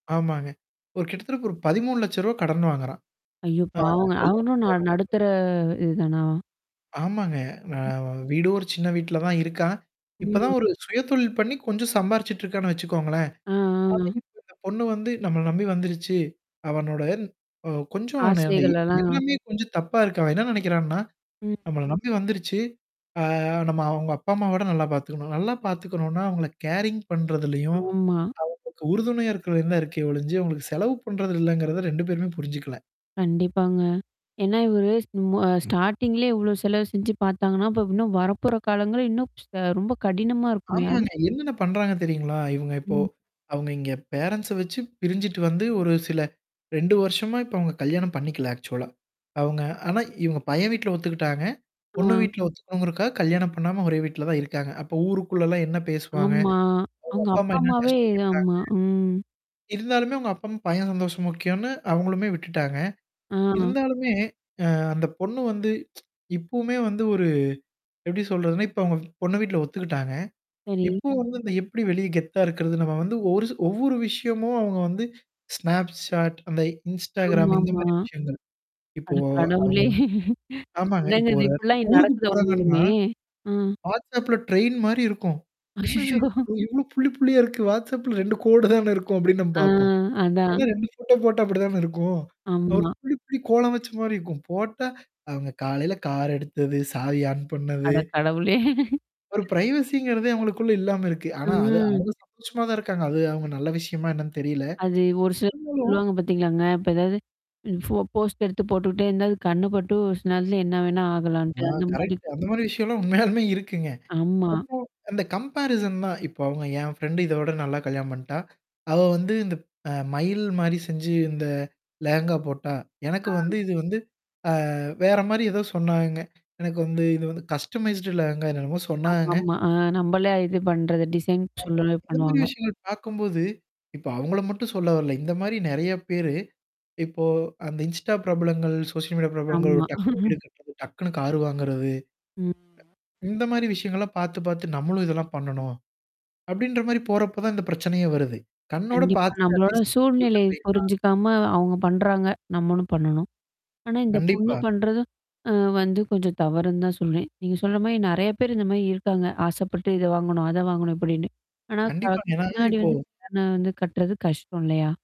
ஆமாங்க. ஒரு கிட்டத்தட்ட ஒரு 13 லட்ச ரூவா கடன் வாங்குறான். ஐயோ! ஆ பாவங்க அவங்களும் ந கல்யாணத்துக்காக நடுத்தற மட்டுமே. இதுதானா? ஆமாங்க. நா வீடோ சின்ன வீட்ல தான் இருக்கான். இப்பதான் ஒரு சுயதொழில் பண்ணி கொஞ்சம் சம்பாரிச்சுட்டு இருக்கான்னு வச்சுக்கோங்களேன். அ, அ. [unintelligible] இந்த பொண்ணு வந்து நம்மள நம்பி வந்துருச்சு. அவனுட ஓ! கொஞ்சம் ந ஆசைகள்லலாம். எல்லாமே கொஞ்சம் தப்பா இருக்கு. அவன் என்ன நெனைக்கிறான்னா? ம். நம்பல நம்பி வந்துருச்சு. ஆ நம்ம அவுங்க அப்பா அம்மாவ விட நல்லா பார்த்துக்கணும். நல்லா பார்த்துக்கணும்னா, அவங்கள கேரிங் பண்றதுலயும். ஆமா. ஆ. உறுதுணையா இருக்கறது தான் இருக்கே ஒழிஞ்சு. உங்களுக்கு செலவு பண்றது இல்லங்கிறத 2 பேருமே புரிஞ்சுக்கல. கண்டிப்பாங்க. ஏன்னா, இவரு ஸ்டார்ட்டிங்லேயே இவ்ளோ செலவு செஞ்சு பாத்தாங்கன்னா, இப்ப இன்னும் வரப்போற காலங்கள் இன்னும் ச ரொம்ப கடினமா இருக்குமோ! அது. ஆமாங்க. என்னென்ன பண்றாங்க தெரியுங்களா? இவங்க இப்போ? ம். அவங்க இங்க பேரன்ண்ட்ஸ வச்சு பிரிஞ்சுட்டு வந்து ஒரு சில 2 வருஷமா இப்ப அவுங்க கல்யாணம் பண்ணிக்கல ஆக்சுவலா அவங்க. ஆனா இவன் பையன் வீட்ல ஒத்துக்கிட்டாங்க. பொண்ணு ஆ. வீட்ல ஒத்துக்கணுங்கிறக்காக கல்யாணம் பண்ணாம ஒரே வீட்ல தான் இருக்காங்க. அப்ப ஊருக்குள்ளலாம் என்ன பேசுவாங்க? ஆமா. அவங்க அவுங்க அப்பாமா அப்பா என்ன அம்மாவே கஷ்டப்பட்டாங்க? ஆமா. ம். இருந்தாலுமே உங்க அப்பம் பையன் சந்தோஷம்க்கியோனு அவங்களுமே விட்டுட்டாங்க. ஆ. இருந்தாலுமே, ஆ அந்த பொண்ணு வந்து, இப்பவுமே வந்து ஒரு எப்டடி சொல்றதுன்னா, இப்ப அவங்க பொண்ண வீட்ல ஒத்துக்கிட்டாங்க. சரி. இப்போ வந்து இந்த எப்படி வெளிய கெத்தா இருக்கிறது நம்ம வந்து ஒரு ஒவ்வொரு விஷயமும் அவங்க வந்து snapchat, அந்த Instagram இந்த ஆமாமா. மாரி விஷயங்கள்? இப்போ அட அவங்க கடவுளே! வந்து ஆமாங்க. என்னங்க இப்ப இது ஒரு எட இப்படிலாம் ஊருக்கு நடக்குத போறாங்கன்னா, உண்மையுமே! அ. WhatsAppல ட்ரெயின் மாரி இருக்கும். என்னது அச்சச்சோ! இவ் இவ்ளோ புல்லி, புல்லியா இருக்கு WhatsAppல 2 கோடு தானே இருக்கும். அப்ப்டின்னு நம்ம ஆ பாப்போம். அதான். ஏன்னா 2 ஃபோட்டோ போட்டா அப்படி தான இருக்கும். ஒரு ஆமா. புள்ளி புள்ளி கோலம் வச்ச மாரி இருக்கும். போட்டா, அவங்க காலையில கார் எடுத்தது, சாவி ஆன் பண்ணது. அட கடவுளே! ஒரு பிரைவசிங்கிறதே அவங்களுக்குள்ள இல்லாம இருக்கு. ஆனா அது அ. அவங்க சந்தோஷமா தான் இருக்காங்க. அது அவங்க நல்ல விஷயமா என்னன்னு தெரியல. அது ஒரு சிலர் சொ இருந்தாலும் சொல்லுவாங்க பாத்தீங்களாங்க. இப்ப ஏதாவது? ஃபோ போஸ்ட் எடுத்து போட்டுட்டே இருந்த அது கண்ணு பட்டு சில நேரத்துல என்ன வேணா ஆ ஆகலான்ட்டு அந்த மாரி. கரெக்ட்டு அந்த மாரி விஷயம்லாம் உண்மையாலுமே இருக்குங்க. ஆமா. அப்போ அந்த சோ கம்பேரிசன் தான் இப்போ அவங்க என் ஃப்ரெண்ட் இதோட நல்லா கல்யாணம் பண்ணிட்டா? அவ வந்து இந்த அ மயல் மாரி செஞ்சு இந்த லேகங்கா போட்டா எனக்கு அ. வந்து இது வந்து அ வேற மாரி ஏதோ சொன்னாங்க. எனக்கு வந்து இது வந்து கஸ்டமைஸ்ட் லேகங்கா என்னென்னமோ சொன்னாங்க. ஆமாமா. ஆ நமளே இது பண்றது. டிசைன் ஆமா. சொன்னவே பண்ணுவாங்க. [unintelligible] பார்க்கும்போது. இப்ப அவங்கள மட்டும் சொல்ல வரல. இந்த மாரி நெறைய பேரு இப்போ அந்த Insta பிரபலங்கள், சோசியல் மீடியா பிரபலங்கள் ஒரு ஆமா. டக்குனு வீடு கட்டுறது, டக்குனு கார் வாங்குறது. ம். இந்த மாரி விஷயங்கள்லாம் பாத்து பாத்து நம்மளும் இதெல்லாம் பண்ணணும். அப்டின்ற மாரி போறப்ப தான் இந்த பிரச்சனையே வருது. கண்ணோட கண்டிப்பா. பாத்துட்டு நம்மளோட அட்லீஸ்ட் சூழ்நிலை [unintelligible] புரிஞ்சுக்காம அவங்க பண்றாங்க. நம்மளும் பண்ணணும். ஆனா இந்த பொண்ணு கண்டிப்பா. பண்றது. ஆ வந்து கொஞ்சம் தவறுன்னு தான் சொல்றேன். நீங்க சொல்ற மாரி நெறைய பேர் இந்த மாரி இருக்காங்க. ஆசைப்பட்டு இத வாங்கணும். அத வாங்கணும் இப்படின்னு. ஆனா க கண்டிப்பாங்க. ஏன்னா பின்னாடி இப்போ வந்து கடண வந்து கட்டுறது கஷ்டம் இல்லையா?